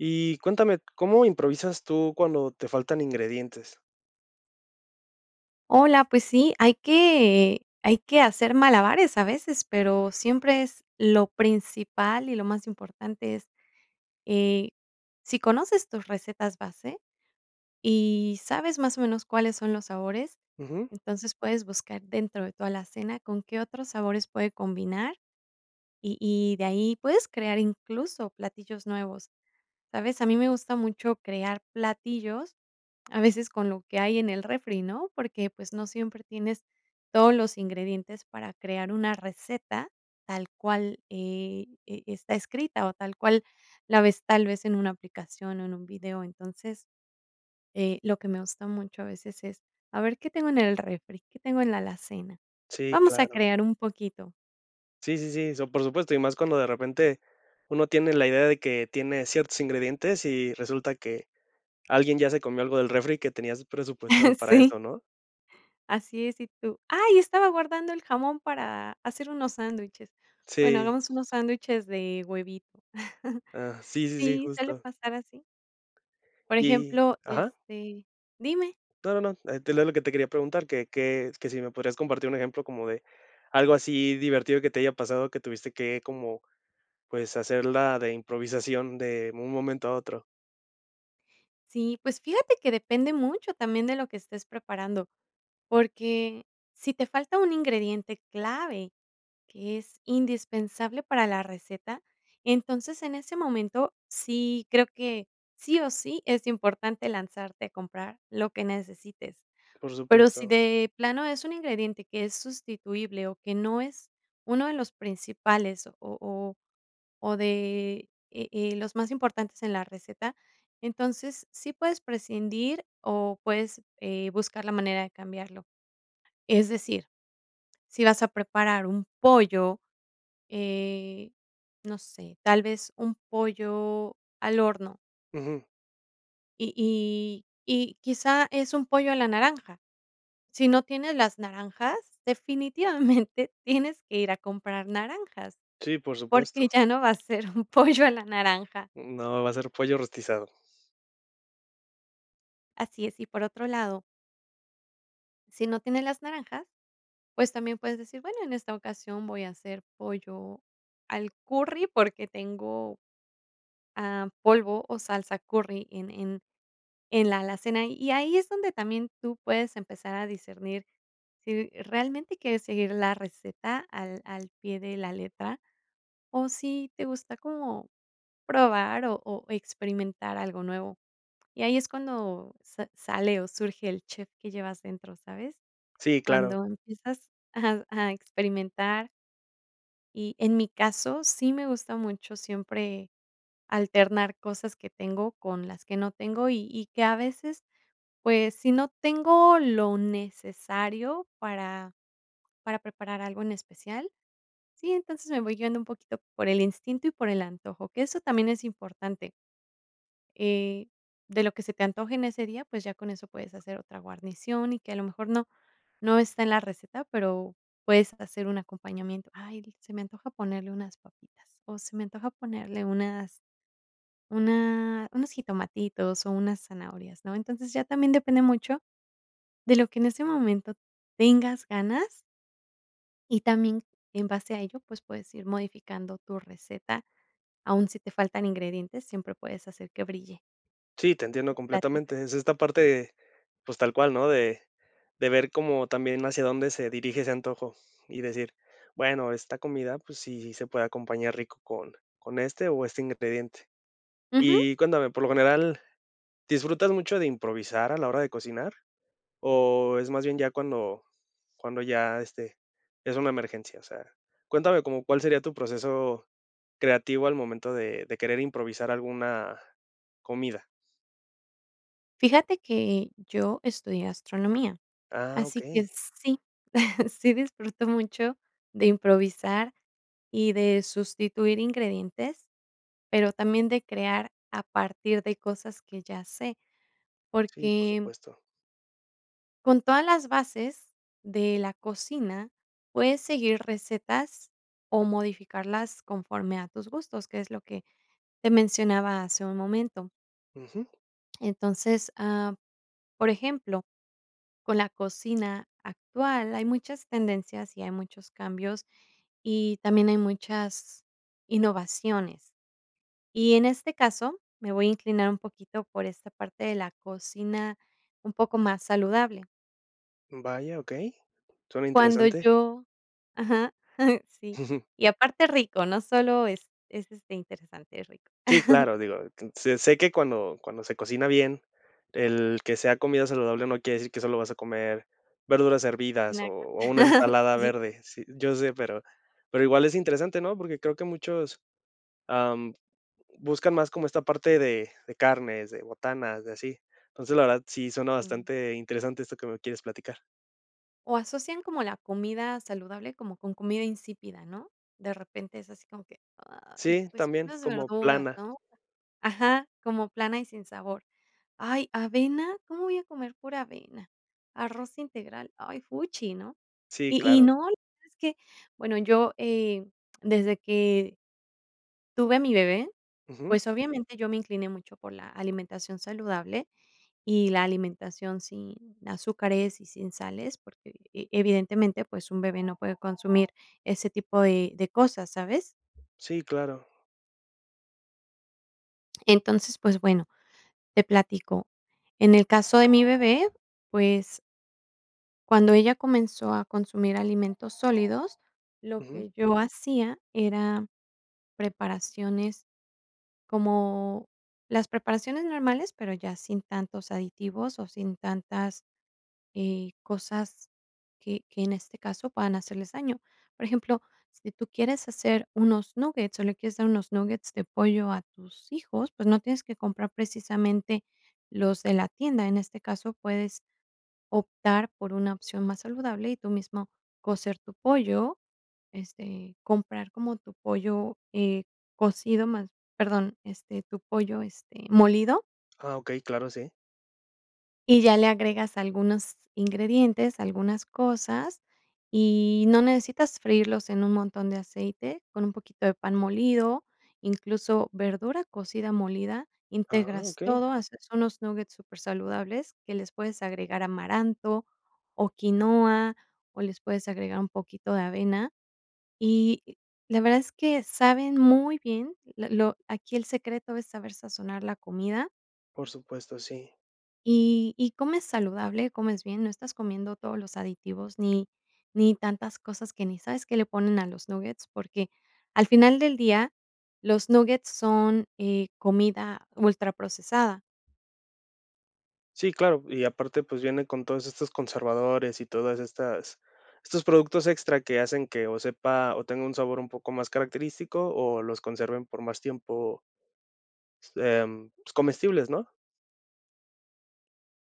Y cuéntame, ¿cómo improvisas tú cuando te faltan ingredientes? Hola, pues sí, hay que hay que hacer malabares a veces, pero siempre es lo principal y lo más importante es, eh, sí conoces tus recetas base y sabes más o menos cuáles son los sabores, Ujú. entonces puedes buscar dentro de tu alacena con qué otros sabores puede combinar, y y de ahí puedes crear incluso platillos nuevos, ¿sabes? A mí me gusta mucho crear platillos, a veces con lo que hay en el refri, ¿no? Porque, pues, no siempre tienes todos los ingredientes para crear una receta tal cual, eh, e e está escrita, o tal cual la ves tal vez en una aplicación o en un video. Entonces, eh, lo que me gusta mucho a veces es, a ver qué tengo en el refri, qué tengo en la alacena. Sí, Vamos a claro. crear un poquito. Sí, sí, sí. So por supuesto, y más cuando de repente uno tiene la idea de que tiene ciertos ingredientes y resulta que alguien ya se comió algo del refri que tenías presupuestado para Sí. eso, ¿no? Así es, y tú, "Ay, estaba guardando el jamón para hacer unos sándwiches". Bueno, Sí. hagamos unos sándwiches de huevito. Ah, sí, sí, Sí, suele justo. pasar así. Por Y ejemplo, ajá. este dime. No, no, eh, te leo lo que te quería preguntar, que que s que sí me podrías compartir un ejemplo como de algo así divertido que te haya pasado, que tuviste que como, pues, hacerla de improvisación de un momento a otro. Sí, pues fíjate que depende mucho también de lo que estés preparando, porque sí te falta un ingrediente clave, que es indispensable para la receta, entonces en ese momento sí creo que sí o sí es importante lanzarte a comprar lo que necesites. Por Pero sí supuesto. de plano es un ingrediente que es sustituible o que no es uno de los principales o o o de, e eh, los más importantes en la receta, entonces, sí puedes prescindir o puedes, eh, buscar la manera de cambiarlo. Es decir, si vas a preparar un pollo, eh, no sé, tal vez un pollo al horno. Ujú. Y y y quizá es un pollo a la naranja. Si no tienes las naranjas, definitivamente tienes que ir a comprar naranjas, Sí, por porque supuesto. ya no va a ser un pollo a la naranja. No, va a ser pollo rostizado. Así es, y por otro lado. Sí no tienes las naranjas, pues también puedes decir, bueno, en esta ocasión voy a hacer pollo al curry porque tengo, am, polvo o salsa curry en en en la alacena, y ahí es donde también tú puedes empezar a discernir sí realmente quieres seguir la receta al al pie de la letra, o si te gusta como probar o o experimentar algo nuevo. Y ahí es cuando sa sale o surge el chef que llevas dentro, ¿sabes? Sí, claro. Cuando empiezas a a experimentar. Y en mi caso, sí me gusta mucho siempre alternar cosas que tengo con las que no tengo y y que a veces, pues, sí no tengo lo necesario para para preparar algo en especial, sí, entonces me voy guiando un poquito por el instinto y por el antojo, que eso también es importante. Eh, de lo que se te antoje en ese día, pues ya con eso puedes hacer otra guarnición y que a lo mejor no no está en la receta, pero puedes hacer un acompañamiento, "Ay", dices, "Se me antoja ponerle unas papitas, o se me antoja ponerle unas una unos jitomatitos, o unas zanahorias", ¿no? Entonces, ya también depende mucho de lo que en ese momento tengas ganas. Y también en base a ello, pues, puedes ir modificando tu receta. Aún si te faltan ingredientes, siempre puedes hacer que brille. Sí, te entiendo Tu platillo. completamente. Es esta parte, pues, tal cual, ¿no? De de ver como también hacia dónde se dirige ese antojo, y decir, bueno, esta comida, pues, sí, sí se puede acompañar rico con con este o este ingrediente. Ujú. Y cuéntame, por lo general, ¿disfrutas mucho de improvisar a la hora de cocinar o es más bien ya cuando cuando ya, este, es una emergencia? O sea, cuéntame, ¿cómo cuál sería tu proceso creativo al momento de de querer improvisar alguna comida? Fíjate que yo estudié gastronomía, Ah, así que okey. sí, sí disfruto mucho de improvisar y de sustituir ingredientes, pero también de crear a partir de cosas que ya sé, Sí, por porque supuesto. con todas las bases de la cocina, puedes seguir recetas o modificarlas conforme a tus gustos, que es lo que te mencionaba hace un momento. Ujú. Entonces, am, por ejemplo, con la cocina actual hay muchas tendencias y hay muchos cambios, y también hay muchas innovaciones. Y en este caso, me voy a inclinar un poquito por esta parte de la cocina, un poco más saludable. Vaya, okey. Suena Cuando interesante. yo ajá, sí, y aparte rico, no solo es es este interesante, es rico. Sí, claro, digo, que sé sé que cuando cuando se cocina bien, el que sea comida saludable no quiere decir que solo vas a comer verduras Y hervidas o una cosa o una ensalada Sí. verde. Sí, yo sé, pero pero igual es interesante, ¿no?, porque creo que muchos, am, buscan más como esta parte de de carnes, de botanas, de así. Entonces, la verdad, sí suena Jum. bastante interesante esto que me quieres platicar. O asocian como la comida saludable como con comida insípida, ¿no? De repente es así como que: "Ay, Sí, pues, también, unas como verduras, plana. ¿no?". Ajá, como plana y sin sabor, "Ay, avena, ¿cómo voy a comer pura avena?, arroz integral, ay, fuchi, ¿no?", Sí, y y claro. no es que bueno, yo, eh, desde que tuve a mi bebé, Ujú. pues obviamente, yo me incliné mucho por la alimentación saludable y la alimentación sin azúcares y sin sales, porque evidentemente, pues, un bebé no puede consumir ese tipo de de cosas, ¿sabes? Sí, claro. Entonces, pues bueno, te platico. En el caso de mi bebé, pues cuando ella comenzó a consumir alimentos sólidos, lo Ujú. que yo hacía era preparaciones, como las preparaciones normales, pero ya sin tantos aditivos, o sin tantas, eh, cosas que que en este caso puedan hacerles daño. Por ejemplo, si tú quieres hacer unos nuggets, o le quieres dar unos nuggets de pollo a tus hijos, pues, no tienes que comprar precisamente los de la tienda. En este caso, puedes optar por una opción más saludable, y tú mismo cocer tu pollo, este, comprar como tu pollo, eh, cocido más, perdón, este, tu pollo, este, molido. Ah, okey, claro sí. Y ya le agregas algunos ingredientes, algunas cosas, y no necesitas freírlos en un montón de aceite, con un poquito de pan molido, incluso verdura cocida molida. ¡Ah, Integras okey! todo, haces unos nuggets supersaludables que les puedes agregar amaranto o quinoa, o les puedes agregar un poquito de avena. Y, la verdad es que saben muy bien, lo lo aquí el secreto es saber sazonar la comida. Por supuesto, sí. Y y comes saludable, comes bien, no estás comiendo todos los aditivos ni ni tantas cosas que ni sabes qué le ponen a los nuggets, porque al final del día, los nuggets son, eh, comida ultraprocesada. Sí, claro, y aparte, pues viene con todos estos conservadores y todas estas estos productos extra que hacen que o sepa o tenga un sabor un poco más característico o los conserven por más tiempo em, pues, comestibles, ¿no?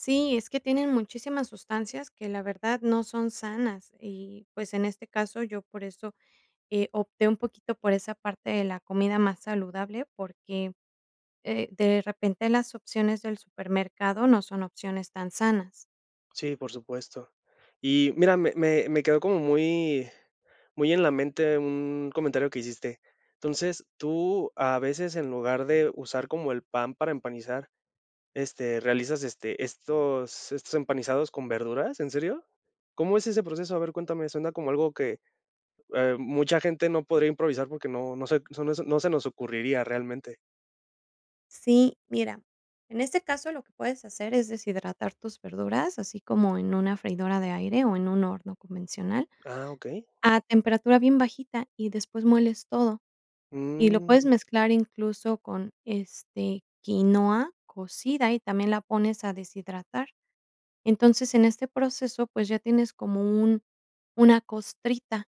Sí, es que tienen muchísimas sustancias que, la verdad, no son sanas y, pues, en este caso, yo por eso, eh, opté un poquito por esa parte de la comida más saludable, porque, eh, de repente, las opciones del supermercado no son opciones tan sanas. Sí, por supuesto. Y mira, me me me quedó como muy muy en la mente un comentario que hiciste. Entonces, tú, a veces, en lugar de usar como el pan para empanizar, este, realizas, este, estos estos empanizados con verduras, ¿en serio? ¿Cómo es ese proceso? A ver, cuéntame, suena como algo que, eh, mucha gente no podría improvisar porque no no se no se no se nos ocurriría realmente. Sí, mira, en este caso, lo que puedes hacer es deshidratar tus verduras, así como en una freidora de aire o en un horno convencional, Ah, okey. a temperatura bien bajita, y después moles todo. Y lo puedes Mm. mezclar incluso con, este, quinoa cocida, y también la pones a deshidratar. Entonces, en este proceso, pues ya tienes como un una costrita,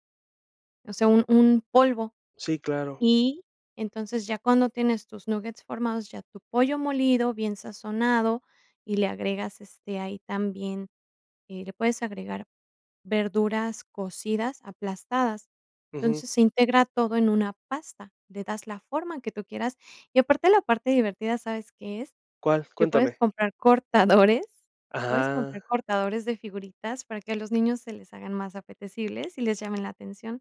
o sea, un un polvo. Sí, claro. Y, entonces, ya cuando tienes tus nuggets formados, ya tu pollo molido, bien sazonado, y le agregas, este, ahí también, eh, le puedes agregar verduras cocidas aplastadas. Ujú. Entonces, se integra todo en una pasta, le das la forma que tú quieras y, aparte, la parte divertida, ¿sabes qué es? ¿Cuál? Que puedes Cuéntame. comprar cortadores puedes comprar Ajá. cortadores de figuritas para que a los niños se les hagan más apetecibles y les llamen la atención.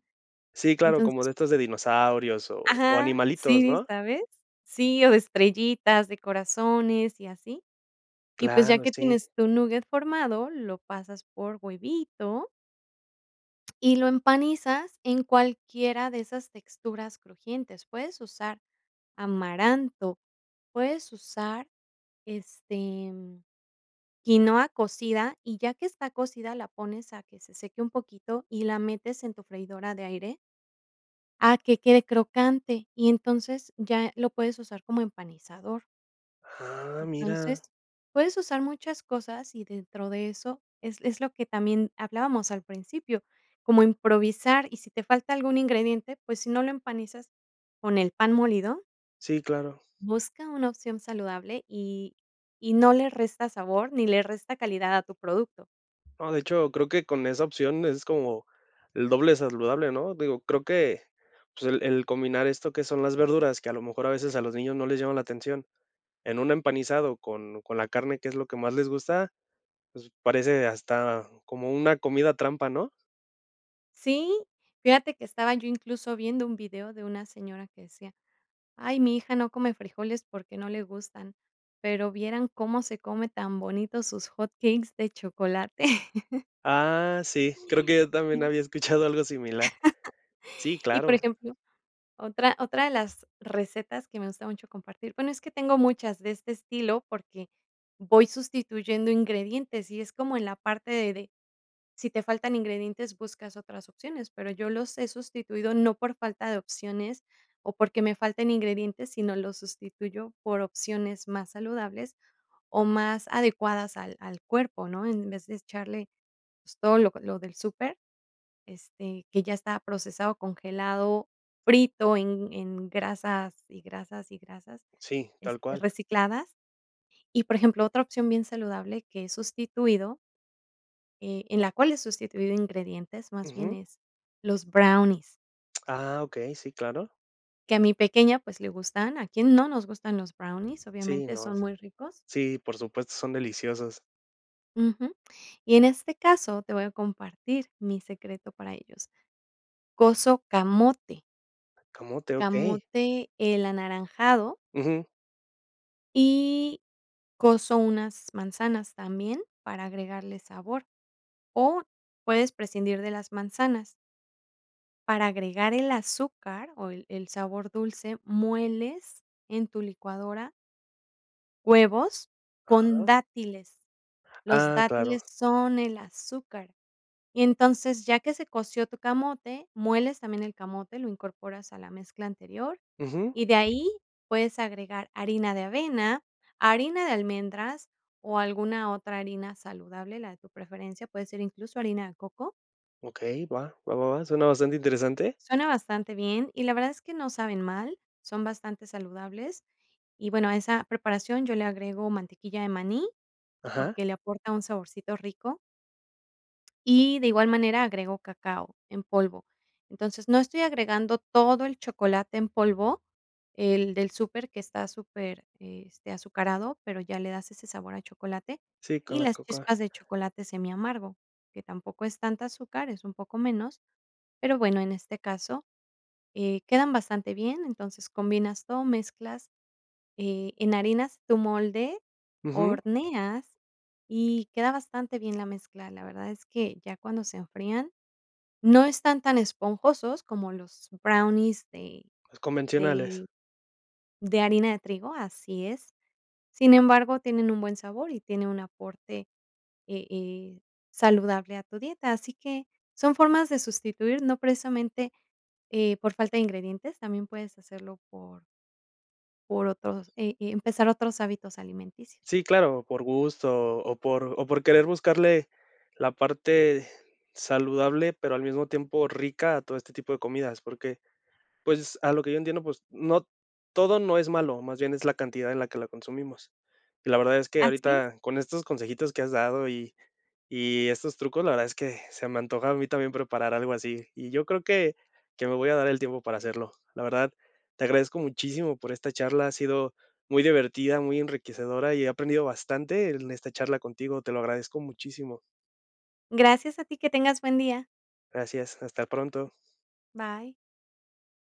Sí, claro, como Entonces. de estos de dinosaurios o o Ajá, animalitos, sí, ¿no? ¿sabes? Sí, o de estrellitas, de corazones, y así. Y, pues, ya Claro, que sí. tienes tu nugget formado, lo pasas por huevito. Y lo empanizas en cualquiera de esas texturas crujientes. Puedes usar amaranto, puedes usar, este, quinoa cocida, y ya que está cocida, la pones a que se seque un poquito y la metes en tu freidora de aire. A que quede crocante. Y entonces, ya lo puedes usar como empanizador. Ah, mira. Entonces, puedes usar muchas cosas, y dentro de eso, es es lo que también hablábamos al principio, como improvisar, y si te falta algún ingrediente, pues si, no lo empanizas con el pan molido, Sí, claro. busca una opción saludable y y no le resta sabor ni le resta calidad a tu producto. No, de hecho, creo que con esa opción es como, el doble saludable, ¿no? Digo, creo que, pues, el el combinar esto que son las verduras, que a lo mejor a veces a los niños no les llama la atención, en un empanizado con con la carne, que es lo que más les gusta, pues, parece hasta como una comida trampa, ¿no? Sí, fíjate que estaba yo incluso viendo un video de una señora que decía: "Ay, mi hija no come frijoles, porque, no le gustan, pero, vieran cómo se come tan bonito sus hot cakes de chocolate." Ah, sí, creo que yo también Sí. había escuchado algo similar. Sí, Y, por claro. ejemplo, otra otra de las recetas que me gusta mucho compartir, bueno, es que tengo muchas de este estilo, porque, voy sustituyendo ingredientes y es como en la parte de de, si te faltan ingredientes, buscas otras opciones, pero, yo los he sustituido, no por falta de opciones, o porque me falten ingredientes, sino los sustituyo por opciones más saludables, o más adecuadas al al cuerpo, ¿no? En vez de echarle, pues, todo lo lo del súper, este, que ya estaba procesado, congelado, frito en en grasas y grasas y grasas, Sí, tal este, cual. recicladas. Y, por ejemplo, otra opción bien saludable que es sustituido, eh, en la cual he sustituido ingredientes, más bien Ujú. es, los brownies. Ah, okey, sí, claro. Que a mi pequeña, pues, le gustan, ¿a quién no nos gustan los brownies? Sí, Obviamente, no, son muy ricos. sí, por supuesto, son deliciosos. Ujú, y en este caso, te voy a compartir mi secreto para ellos, coso camote. ¿Camote? Okey. Camote, el anaranjado. Ujú. Y coso unas manzanas también para agregarle sabor, o puedes prescindir de las manzanas. Para agregar el azúcar o el el sabor dulce, mueles en tu licuadora huevos con Ajá. dátiles, los Ah, claro. dátiles son el azúcar, y entonces, ya que se coció tu camote, mueles también el camote, lo incorporas a la mezcla anterior Ujú. y de ahí puedes agregar harina de avena, harina de almendras o alguna otra harina saludable, la de tu preferencia, puede ser incluso harina de coco. Okey, va va va va suena bastante interesante. Suena bastante bien y la verdad es que no saben mal, son bastante saludables y, bueno, a esa preparación yo le agrego mantequilla de maní Ajá. porque le aporta un saborcito rico. Y de igual manera agrego cacao en polvo, entonces, no estoy agregando todo el chocolate en polvo, el del super que está súper, este, azucarado, pero ya le das ese sabor a chocolate, Sí, con y la las Cocoa. chispas de chocolate semiamargo, que tampoco es tanta azúcar, es un poco menos, pero bueno, en este caso, eh, quedan bastante bien, entonces combinas todo, mezclas, eh, enharinas tu molde, Ujú. horneas, y queda bastante bien la mezcla, la verdad es que ya cuando se enfrían, no están tan esponjosos como los brownies de Los convencionales. de de harina de trigo, así es, sin embargo, tienen un buen sabor y tiene un aporte, eh eh, saludable a tu dieta, así que son formas de sustituir, no precisamente, eh, por falta de ingredientes, también puedes hacerlo por por otros, eh eh, empezar otros hábitos alimenticios. Sí, claro, por gusto o por o por querer buscarle la parte saludable, pero al mismo tiempo rica a todo este tipo de comidas, porque, pues, a lo que yo entiendo, pues, no, todo no es malo, más bien es la cantidad en la que la consumimos, y la verdad es que Así es. ahorita con estos consejitos que has dado y y estos trucos, la verdad es que se me antoja a mí también preparar algo así, y yo creo que que me voy a dar el tiempo para hacerlo, la verdad, te agradezco muchísimo por esta charla, ha sido muy divertida, muy enriquecedora, y he aprendido bastante en esta charla contigo, te lo agradezco muchísimo. Gracias a ti, que tengas buen día. Gracias, hasta pronto. Bye.